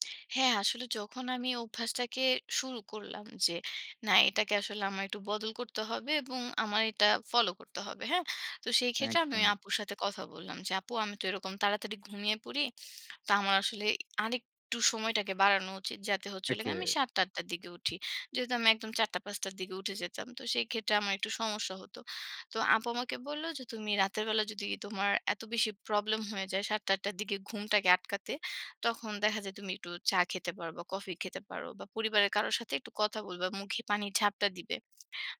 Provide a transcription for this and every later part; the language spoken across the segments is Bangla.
হ্যাঁ, আসলে যখন আমি অভ্যাসটাকে শুরু করলাম। যে না এটাকে আসলে আমার একটু বদল করতে হবে এবং আমার এটা ফলো করতে হবে। হ্যাঁ? তো সেই ক্ষেত্রে আমি ওই একদম। আপুর সাথে কথা বললাম, যে "আপু আমি তো এরকম তাড়াতাড়ি ঘুমিয়ে পড়ি। তো আমার আসলে আরেকটু সময়টাকে বাড়ানো উচিত" যাতে হচ্ছে হল ওকে। গিয়ে আমি ৭ঃ০০ টা ৮ঃ০০ টার দিকে উঠি। যেহেতু আমি একদম ৪ঃ০০ টা ৫ঃ০০ টার দিকে উঠে যেতাম। তো সেই ক্ষেত্রে আমার একটু সমস্যা হত। তো আপু আমাকে বলল যে তুমি রাতের বেলা যদি তোমার এত বেশি প্রবলেম হয়ে যায় ৭ঃ০০ টা ৮ঃ০০ টার দিকে ঘুমটাকে আটকাতে তখন দেখা যায় তুমি একটু চা খেতে পারবা বা কফি খেতে পারো বা পরিবারের কারো সাথে একটু কথা বলবে। মুখে পানির ঝাপটা দিবে।"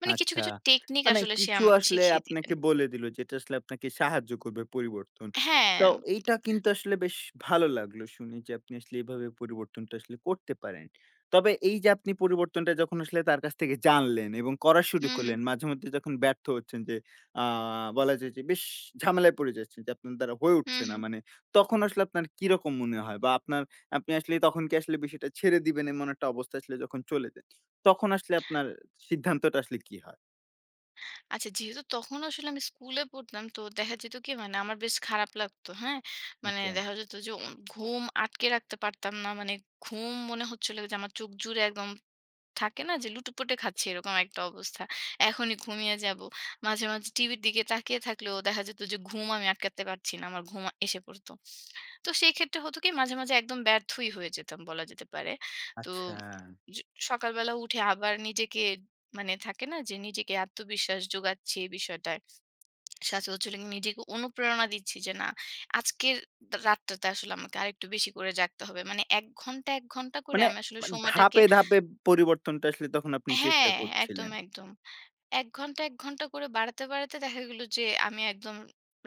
মানে কিছু, আচ্ছা। কিছু টেকনিক মানে আসলে সে কিছু আমাকে আসলে শিখিয়ে দিবেন। আপনাকে বলে দিলো যেটা আসলে আপনাকে সাহায্য করবে পরিবর্তন। হ্যাঁ। তো এইটা কিন্তু আসলে বেশ ভালো লাগলো শুনে যে আপনি আসলে এভাবে পরিবর্তনটা আসলে করতে পারেন। তবে এই যে আপনি পরিবর্তনটা যখন আসলে তার কাছ থেকে জানলেন এবং করা হু, শুরু হু। মাঝেমধ্যে যখন ব্যর্থ হচ্ছেন যে আ বলা যায় যে বেশ ঝামেলায় পড়ে যাচ্ছেন যে আপনার দ্বারা হয়ে হু, উঠছে না। হু। মানে তখন আসলে আপনার কিরকম মনে হয় বা আপনার আপনি আসলে তখন কি আসলে বিষয়টা ছেড়ে দিবেন এমন একটা অবস্থা আসলে যখন চলে যায়। তখন আসলে আপনার সিদ্ধান্তটা আসলে কি হয়? আচ্ছা যেহেতু তখন আসলে আমি স্কুলে পড়তাম। তো দেখা যেত কি মানে আমার বেশ খারাপ লাগতো। হ্যাঁ? মানে ওকে। দেখা যেত যে অন ঘুম আটকে রাখতে পারতাম না। মানে ঘুম মনে হচ্ছিল যে আমার চোখ জুড়ে একদম থাকে না যে লুটোপুটে খাচ্ছি এরকম একটা অবস্থা। এখনই ঘুমিয়ে যাবো। মাঝে, মাঝে টিভির দিকে তাকিয়ে থাকলেও দেখা যেত যে ঘুম আমি আটকাতে পারছি না। আমার ঘুম এসে পড়ত। তো সেক্ষেত্রে হতো কি মাঝে, মাঝে একদম ব্যর্থই হয়ে যেতাম বলা যেতে পারে। তো আচ্ছা। স সকালবেলা উঠে আবার নিজেকে মানে থাকে না যে নিজেকে আত্মবিশ্বাস জোগাচ্ছি এই বিষয়টায়। সচারাচর নিজেকে অনুপ্রেরণা দিচ্ছি যে না আজকের রাতটাতে আসলে আমাকে আরেকটু বেশি করে জাগতে হবে। মানে ১ ঘণ্টা ১ ঘণ্টা করে মানে, আমি আসলে মানে সময়টাকে ধাপে, ধাপে পরিবর্তনটা আসলে তখন আপনি চেষ্টা হ্যাঁ, একদম, করছিলেন? একদম। ১ ঘণ্টা ১ ঘণ্টা করে বাড়াতে, বাড়াতে দেখা গেল যে আমি একদম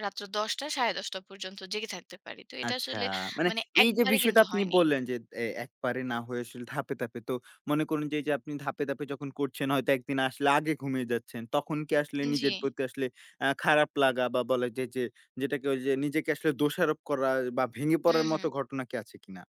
রাত ১০ঃ০০ টা ১০ঃ৩০ পর্যন্ত জেগে থাকতে পারি। তো এটা আচ্ছা। আসলে মানে মানে এই যে একবারে বিষয়টা কিন্তু আপনি হয়নি। বললেন যে এ একবারে না হয়ে আসলে ধাপে, ধাপে। তো মনে করুন যে এই যে আপনি ধাপে, ধাপে যখন করছেন। হয়তো একদিন আসলে আগে ঘুমিয়ে যাচ্ছেন। তখন কি আসলে উন জি। নিজের প্রতি আসলে আ খারাপ লাগা বা বলা যায় যে যেটাকে ওইযে নিজেকে আসলে দোষারোপ করা বা ভেঙে হু, পড়ার মত হু। ঘটনা কি আছে কিনা?